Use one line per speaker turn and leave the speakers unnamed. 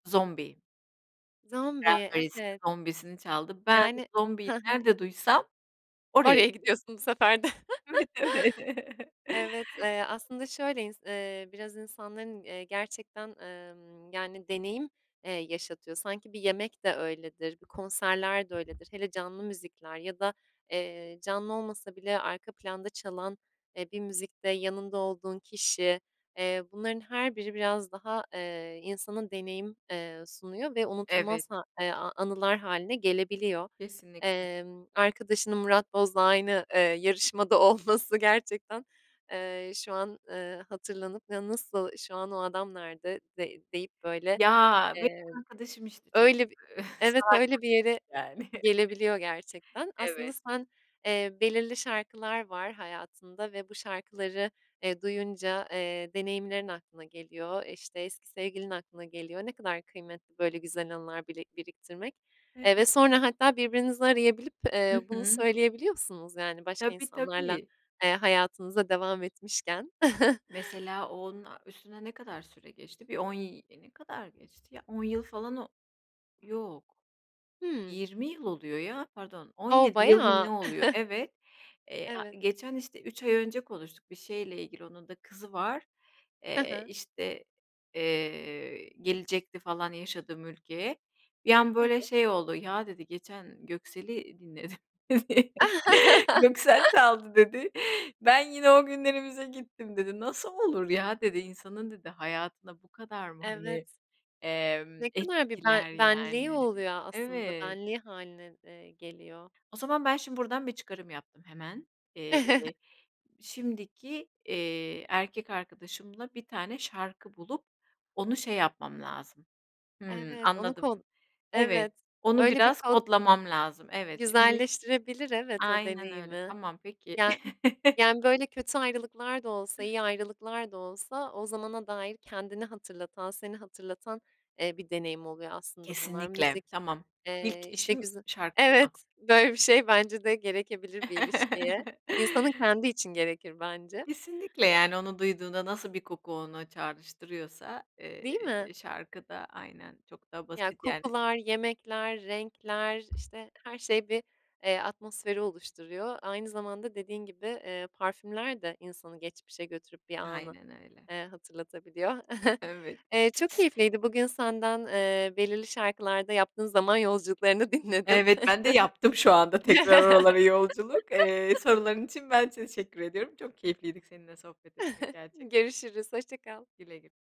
Zombie.
Zombie
Cranberries'in
evet.
Zombie'sini çaldı. Ben
Yani
zombiyi
Ha ha.
nerede duysam oraya
Oraya
gid
gidiyorsun bu sefer de.
Evet, öyle.
Evet, eee, aslında şöyle ins eee, biraz insanların, eee, gerçekten, emm, yani deneyim, eee, yaşatıyor. Sanki bir yemek de öyledir, bir konserler de öyledir. Hele canlı müzikler ya da, eee, canlı olmasa bile arka planda çalan, eee, bir müzikte yanında olduğun kişi, eee, bunların her biri biraz daha, eee, insanın deneyim, eee, sunuyor ve
Evet.
unutulmaz ha e a anılar hâline gelebiliyor.
Kesinlikle.
Emm, arkadaşının Murat Boz'la aynı, eee, yarışmada olması gerçekten, eee, şu an, eee, hatırlanıp "Ya, nasıl şu an o adam nerede?" de deyip böyle,
Ya
eee,
benim arkadaşım, işte, çok,
öyle bir
eee,
Evet,
saygılı
öyle bir
bir tip
yere
yani.
gelebiliyor gerçekten. Aslında
Evet.
sen Eee, belirli şarkılar var hayatında ve bu şarkıları, eee, duyunca, eee, deneyimlerin aklına geliyor, e, işte, eski sevgilin aklına geliyor. Ne kadar kıymetli böyle güzel anılar bili biriktirmek,
Evet.
eee, ve sonra hatta birbirinizi arayabilip, eee,
Hı
bunu
hı.
söyleyebiliyorsunuz yani başka
Tabii
insanlarla,
tabii.
eee, hayatınıza devam etmişken.
Mesela o onun üstüne ne kadar süre geçti? Bir 10 y Ne kadar geçti ya? 10 yıl falan o Yok.
Hımm.
20 yıl oluyor ya. Pardon. on
O
yedi yıl mı
bayağı!
ne oluyor. Evet, eee, a
Evet.
geçen, işte, 3 ay önce konuştuk bir şeyle ilgili onun da kızı var.
He
Eee,
he.
işte, eee, gelecekti falan yaşadığım ülkeye. Bir an
He
böyle
he.
şey oldu, "Ya," dedi "geçen Göksel'i dinledim" dedi. "Göksel çaldı." dedi. "Ben yine o günlerimize gittim." dedi. "Nasıl olur ya?" dedi "İnsanın" dedi "hayatına bu kadar mı, hani,
Evet.
emm,
Ne kadar bir ben
etkiler
benliği
yani?"
oluyor a aslında.
Evet.
Benliği hâline, eee, geliyor.
O zaman ben şimdi buradan bir çıkarım yaptım hemen. Eee, şimdiki, eee, erkek arkadaşımla bir tane şarkı bulup onu şey yapmam lazım Hımm,
Evet, onu
anladım
kod
[unintelligible] evet,
Evet,
onu
öyle bir
biraz
kod
kodlamam lazım, evet, şimdi
güzelleştirebilir, evet, o
Aynen öyle.
deneyimi.
Tamam, peki.
Ya yani böyle kötü ayrılıklar da olsa
[unintelligible]
iyi ayrılıklar da olsa o zamana dair kendini hatırlatan seni hatırlatan, eee, bir deneyim oluyor aslında bunlar
Kesinlikle,
müzik,
tamam. İlk
eee, işte,
işim
güze
şarkı bulmak.
Evet, böyle bir şey bence de gerekebilir bir ilişkiye, insanın kendi için gerekir bence.
Kesinlikle, yani onu duyduğunda nasıl bir koku ona çağrıştırıyorsa, eee,
Değil mi?
şarkı da aynen çok daha
Ya,
basit yani.
kokular, yemekler, renkler, işte, her şey bir, eee, atmosferi oluşturuyor. Aynı zamanda dediğin gibi, eee, parfümler de insanı geçmişe götürüp bir anı,
Aynen öyle.
eee, hatırlatabiliyor.
Evet.
Eee, çok keyifliydi bugün senden, eee, belirli şarkılarda yaptığın zaman yolculuklarını dinledim.
Evet, ben de yaptım şu anda tekrar oralara yolculuk. Eee, soruların için ben teşekkür ediyorum. Çok keyifliydi k seninle sohbet etmek gerçekten.
Görüşürüz, hoşça kal.
Güle güle.